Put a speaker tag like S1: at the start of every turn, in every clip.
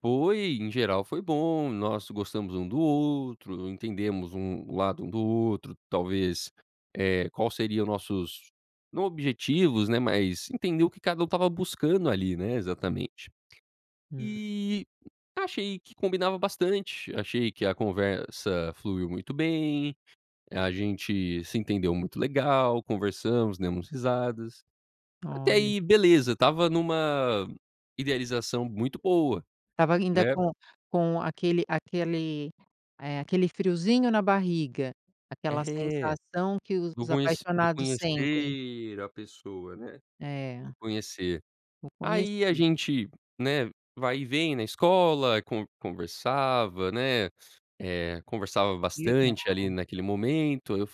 S1: Foi, em geral, foi bom. Nós gostamos um do outro, entendemos um o lado um do outro talvez, eh, qual seria o nossos não objetivos, né, mas entender o que cada um estava buscando ali, né, exatamente.
S2: Hum.
S1: E achei que combinava bastante, achei que a conversa fluiu muito bem, a gente se entendeu muito legal, conversamos, demos risadas. Até
S2: Olha.
S1: aí, beleza. Estava numa idealização muito boa,
S2: Estava ainda
S1: né?
S2: com com aquele aquele, eh, aquele friozinho na barriga. Aquela
S1: É.
S2: sensação que
S1: Do
S2: os
S1: conhe do
S2: apaixonados sentem.
S1: conhecer a pessoa, né, de
S2: É.
S1: conhecer.
S2: O
S1: Aí a
S2: conhecido.
S1: gente, né, vai e vem na escola, conve conversava, né, eh, conversava
S2: Que
S1: bastante ali
S2: legal.
S1: naquele momento, eu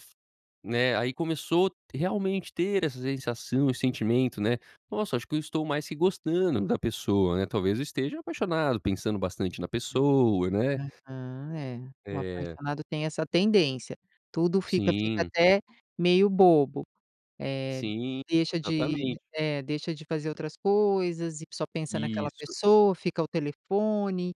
S1: né, aí começou realmente ter essa sensação e sentimento, né: "Nossa, acho que eu estou mais que gostando da pessoa, né, talvez eu esteja apaixonado, pensando bastante na
S2: Hum,
S1: pessoa", né?
S2: aham, é. O
S1: Eh.
S2: apaixonado tem essa tendência. Tudo fica fica
S1: Sim.
S2: até meio bobo, eh,
S1: Sim,
S2: deixa de
S1: exatamente.
S2: é, deixa de fazer outras coisas e só pensa naquela
S1: Isso.
S2: pessoa, fica ao telefone,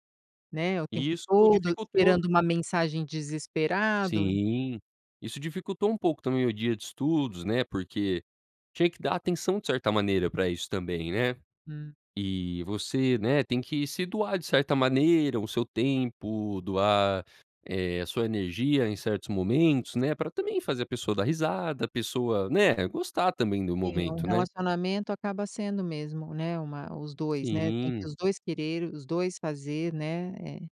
S2: né, o tempo
S1: Isso
S2: todo,
S1: dificultou.
S2: esperando uma mensagem, desesperado.
S1: Sim. Isso dificultou um pouco também o dia de estudos, né, porque tinha que dar atenção, de certa maneira pra isso também, né?
S2: Hum.
S1: E você, né, tem que se doar de certa maneira, o seu tempo doar, eh, a sua energia em certos momentos, né, pra também fazer a pessoa dar risada, a pessoa, né, gostar também do
S2: Sim, um
S1: momento, né?
S2: relacionamento acaba sendo mesmo, né, uma os 2, né? Tem que
S1: Sim.
S2: os 2 quererem, os dois fazer né? É.